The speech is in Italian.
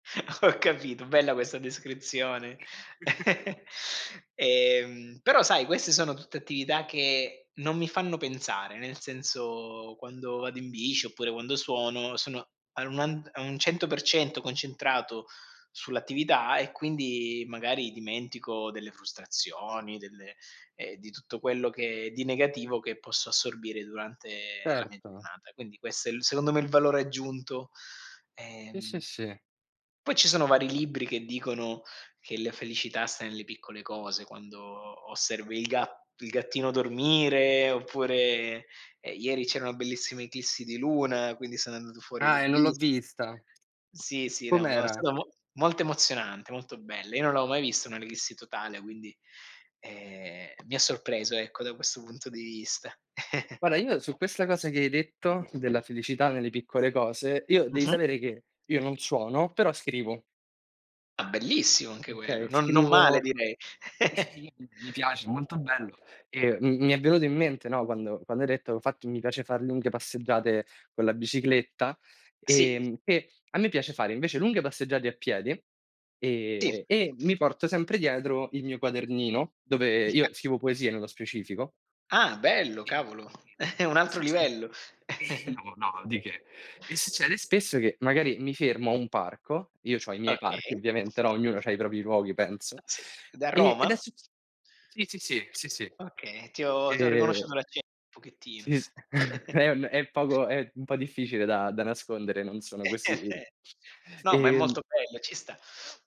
Ho capito, bella questa descrizione. Ehm, però sai queste sono tutte attività che non mi fanno pensare; nel senso quando vado in bici oppure quando suono sono a anuand a un 100% concentrato sull'attività e quindi magari dimentico delle frustrazioni, delle ehm, di tutto quello che di negativo che posso assorbire durante la mia Certo. giornata. Quindi questo è il secondo me il valore aggiunto. Sì, sì, Ehm, sì. poi ci sono vari libri che dicono che la felicità sta nelle piccole cose: quando osservi il ga il gattino dormire oppure, ehm, ieri c'era bellissima eclissi di luna, quindi sono andato fuori e Ah, l'ho e non l'ho vista. vista. Sì, sì, no, ma è Com'era? stato mo molto emozionante, molto bella. Io non l'avevo mai visto un'eclissi totale, quindi, ehm, mi ha sorpreso ecco da questo punto di vista. Guarda io su questa cosa che hai detto della felicità nelle piccole cose, io devi Mh-mh. sapere che io non suono, però scrivo. Ah bellissimo anche quello, Okay, non non male scrivo direi. [unintelligible] mi piace, molto bello. E m mi è venuto in mente, no, quando quando hai detto: "Infatti mi piace far lunghe passeggiate con la bicicletta", Sì. ehm, che a me piace fare invece lunghe passeggiate a piedi, Sì. ehm, e mi porto sempre dietro il mio quadernino, dove [unintelligible] io scrivo poesie nello specifico. Ah bello E cavolo. e e È un che altro succede? livello. No, no di che. E succede spesso che magari mi fermo a un parco- io c'ho i miei parchi Okay. ovviamente no, ognuno c'ha i propri luoghi penso- Pazze da e ed Roma? succe sì, sì, sì, sì, sì. Okay, ti ho ti ho Ehm riconosciuto l'accento un pochettino. Sì s è un è poco è un po' difficile da da nascondere, non sono così No, ma è molto ehm bello, ci sta.